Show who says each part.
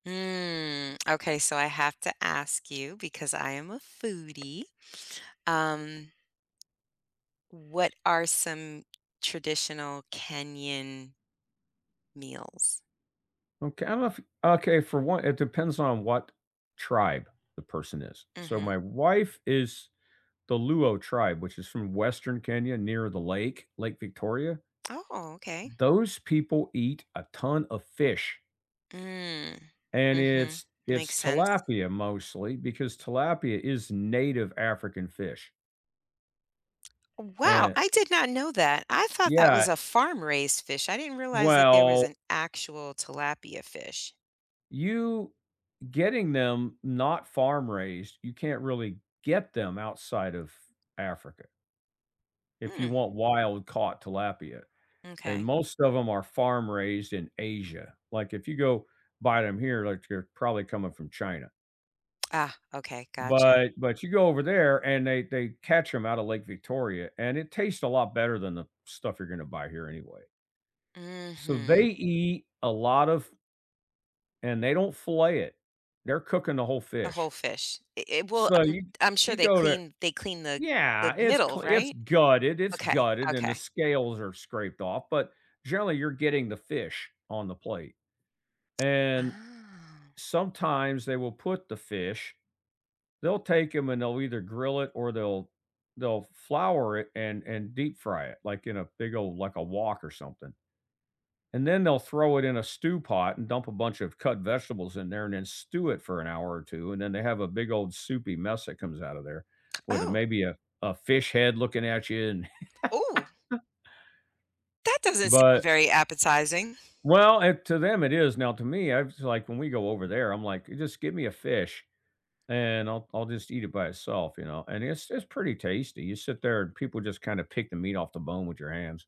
Speaker 1: Mm, okay, so I have to ask you because I am a foodie, um, what are some traditional Kenyan meals?
Speaker 2: Okay, I love okay, for one, it depends on what tribe the person is. So,
Speaker 1: Mhm.
Speaker 2: my wife is the Luo tribe, which is from Western Kenya near the lake, Lake Victoria.
Speaker 1: Oh, okay.
Speaker 2: Those people eat a ton of fish
Speaker 1: Mm.
Speaker 2: and
Speaker 1: Mhm.
Speaker 2: it's it's
Speaker 1: Makes sense.
Speaker 2: tilapia, mostly, because tilapia is native African fish.
Speaker 1: Wow,
Speaker 2: Eh
Speaker 1: I did not know that, I thought that was
Speaker 2: Yeah
Speaker 1: a farm-raised fish, I didn't realize that there was
Speaker 2: Well
Speaker 1: an actual tilapia fish.
Speaker 2: You getting them not farm-raised, you can't really get them outside of Africa if you
Speaker 1: Mm.
Speaker 2: want wild-caught tilapia, and
Speaker 1: M'kay.
Speaker 2: most of them are farm-raised in Asia. Like, if you go buy them here, like, they're probably coming from China.
Speaker 1: Ah, okay, gotcha.
Speaker 2: But but you go over there and they they catch 'em outta Lake Victoria and it tastes a lot better than the stuff you're gonna buy here anyway. So, they
Speaker 1: Mhm.
Speaker 2: eat a lot of and they don't fillet it. They're cooking the whole
Speaker 1: A
Speaker 2: fish.
Speaker 1: whole fish. It it will
Speaker 2: So,
Speaker 1: I'm
Speaker 2: you
Speaker 1: I'm sure
Speaker 2: you
Speaker 1: they
Speaker 2: go to
Speaker 1: clean they clean the the
Speaker 2: Yeah, it's
Speaker 1: middle,
Speaker 2: cle it's
Speaker 1: right?
Speaker 2: gutted, it's
Speaker 1: Okay,
Speaker 2: gutted, and the
Speaker 1: okay.
Speaker 2: scales are scraped off, but, generally, you're getting the fish on the plate, and
Speaker 1: Ah.
Speaker 2: sometimes they will put the fish they'll take 'em and they'll either grill it or they'll they'll flour it and and deep-fry it, like in a big ole like a wok or something, and then they'll throw it in a stew pot and dump a bunch of cut vegetables in there and then stew it for an hour or 2 and then they have a big old soupy mess that comes out of there with, uh,
Speaker 1: Oh.
Speaker 2: maybe a a fish head looking at you and
Speaker 1: Ooh. That doesn't seem
Speaker 2: but
Speaker 1: very appetizing.
Speaker 2: Well and to them it is, now to me, I was, like when we go over there, I'm like, "Just give me a fish," and I'll I'll just eat it by itself, you know? And it's it's pretty tasty, you sit there and people just kinda pick the meat off the bone with your hands.